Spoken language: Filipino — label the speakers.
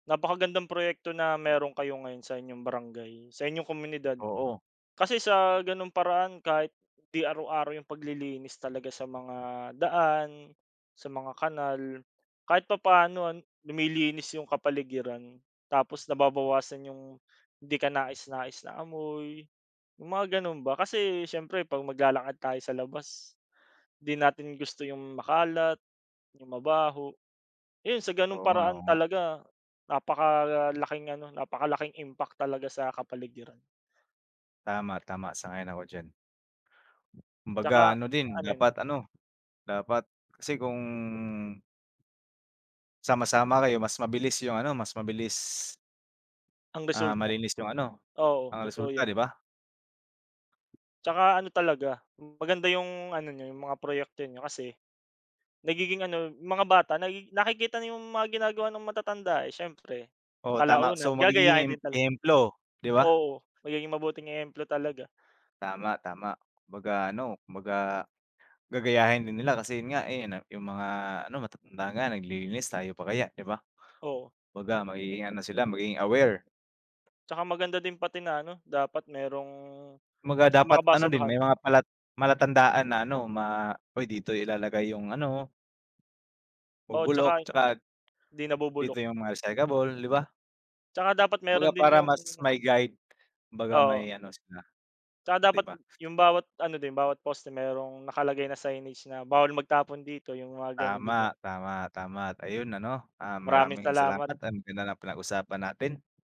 Speaker 1: Napakagandang proyekto na meron kayo ngayon sa inyong barangay, sa inyong komunidad.
Speaker 2: Oo.
Speaker 1: Kasi sa gano'ng paraan kahit 'di araw-araw yung paglilinis talaga sa mga daan, sa mga kanal, kahit papaano an lumilinis 'yung kapaligiran. Tapos nababawasan 'yung, 'di kanais-nais na amoy. 'Yung mga gano'n ba. Kasi siyempre pag maglalakad tayo sa labas, 'di natin gusto 'yung makalat, 'yung mabaho. 'Yun, sa gano'ng
Speaker 2: Oo, nga,
Speaker 1: paraan
Speaker 2: oo, nga.
Speaker 1: talaga, napakalaking ano, napakalaking impact talaga sa kapaligiran.
Speaker 2: Tama, tama. Sang-ayon ako diyan. Kumbaga
Speaker 1: Tsaka
Speaker 2: ano din
Speaker 1: ano 'yon?
Speaker 2: dapat ano, dapat kasi kung Sama-sama kayo mas mabilis 'yung ano, mas mabilis
Speaker 1: Ang
Speaker 2: Ah,
Speaker 1: resulta.
Speaker 2: malinis 'yung ano,
Speaker 1: Oo,
Speaker 2: ang
Speaker 1: totoo
Speaker 2: resulta,
Speaker 1: 'yan.
Speaker 2: 'di ba?
Speaker 1: Tsaka ano talaga, maganda 'yung ano niyo 'yung mga proyekto niyo, kasi nagiging ano mga bata na nakikita 'yung mga ginagawa ng matatanda eh, siyempre.
Speaker 2: Oo, tama. So
Speaker 1: Kalaunan
Speaker 2: magiging
Speaker 1: gagayahin
Speaker 2: ehem
Speaker 1: din talaga.
Speaker 2: ehemplo, 'di ba?
Speaker 1: Oo, magiging mabuting ehemplo talaga.
Speaker 2: Tama, tama. Kumbaga ano, kumbaga, gagayahin din nila kasi 'yun nga eh, 'no, 'yung mga ano matatanda nga naglilinis tayo pa kaya, 'di ba?
Speaker 1: Oo.
Speaker 2: Baga magiging ano sila magiging aware.
Speaker 1: Tsaka maganda din pati na ano dapat merong
Speaker 2: Kumbaga
Speaker 1: sa mga
Speaker 2: dapat ano din,
Speaker 1: basurahan.
Speaker 2: may mga pala palatandaan na ano ma "Uy dito ilalagay 'yung ano"
Speaker 1: Oo
Speaker 2: Nabubulok,
Speaker 1: tsaka,
Speaker 2: tsaka
Speaker 1: 'di nabubulok.
Speaker 2: Dito 'yung mga recyclable, 'di ba?
Speaker 1: Tsaka dapat meron
Speaker 2: Kumbaga
Speaker 1: din
Speaker 2: parang
Speaker 1: yung
Speaker 2: mas may guide, kumbaga
Speaker 1: Oo.
Speaker 2: may ano sila,
Speaker 1: Tsaka
Speaker 2: 'di
Speaker 1: dapat
Speaker 2: ba?
Speaker 1: 'yung bawat ano din, bawat poste merong nakalagay na signage na, "Bawal magtapon dito," 'yung mga gano'n, 'di
Speaker 2: Tama,
Speaker 1: ba?
Speaker 2: tama. Tama at ayun ano, ah,
Speaker 1: Maraming
Speaker 2: maraming
Speaker 1: salamat.
Speaker 2: salamat, ang ganda ng pinag usapan natin.